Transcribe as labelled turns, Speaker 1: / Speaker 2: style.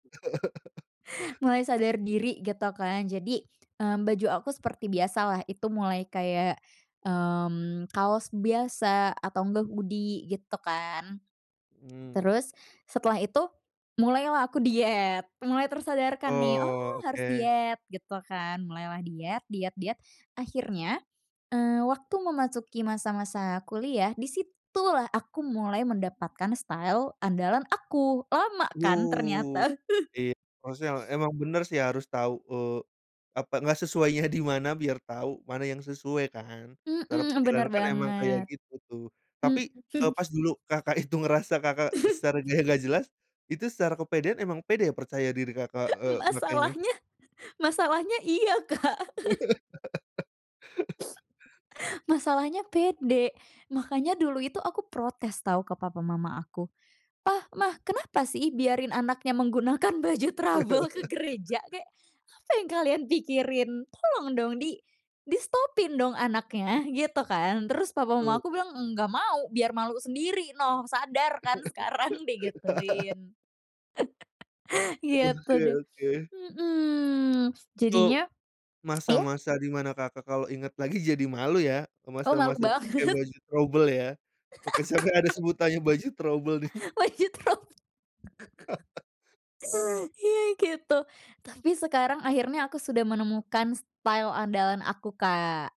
Speaker 1: Mulai sadar diri gitu kan jadi, eee, baju aku seperti biasa lah itu mulai kayak, mmm, kaos biasa, atau enggak hoodie gitu kan.
Speaker 2: Mmm.
Speaker 1: Terus, setelah itu mulailah aku diet, mulai tersadarkan nih,
Speaker 2: Oh
Speaker 1: oh harus
Speaker 2: oke.
Speaker 1: diet gitu kan, mulailah diet diet diet, akhirnya, eee, waktu memasuki masa-masa kuliah, di situ lah aku mulai mendapatkan style andalan aku, lama kan
Speaker 2: Wow,
Speaker 1: ternyata.
Speaker 2: iya. Maksudnya, emang bener sih harus tau eee, apa, gak sesuainya di mana biar tau mana yang sesuai kan, secara
Speaker 1: Mhm,
Speaker 2: pikiran
Speaker 1: bener
Speaker 2: kan emang kayak
Speaker 1: banget.
Speaker 2: gitu tuh. Tapi,
Speaker 1: Mhm.
Speaker 2: eee, pas dulu, Kakak, itu ngerasa, Kakak, sarannya gak jelas, itu secara kepedean emang pede percaya diri, Kakak, eee, makanya
Speaker 1: Masalahnya masalahnya iya, Kak. Masalahnya pede, makanya dulu itu aku protes tau ke papa mama aku. "Pa, Ma! Kenapa sih, biarin anaknya menggunakan baju trouble ke gereja? Kayak apa yang kalian pikirin? Tolong dong di distopin dong,
Speaker 2: [unintelligible]
Speaker 1: anaknya!" gitu kan. Terus papa mama
Speaker 2: Eee
Speaker 1: aku bilang, enggak mau. Biar malu sendiri noh, sadar kan sekarang di gituin. Gitu
Speaker 2: Oke
Speaker 1: deh.
Speaker 2: oke.
Speaker 1: Mhm,
Speaker 2: Itu,
Speaker 1: jadinya iya?
Speaker 2: masa-masa di mana, Kakak, kalau inget lagi jadi malu ya,
Speaker 1: Oh malu
Speaker 2: masa-masa pakai
Speaker 1: banget.
Speaker 2: baju trouble ya? Oke sampai ada sebutannya baju trouble deng.
Speaker 1: Baju trob Iya gitu, tapi sekarang akhirnya aku sudah menemukan style andalan aku, Kak.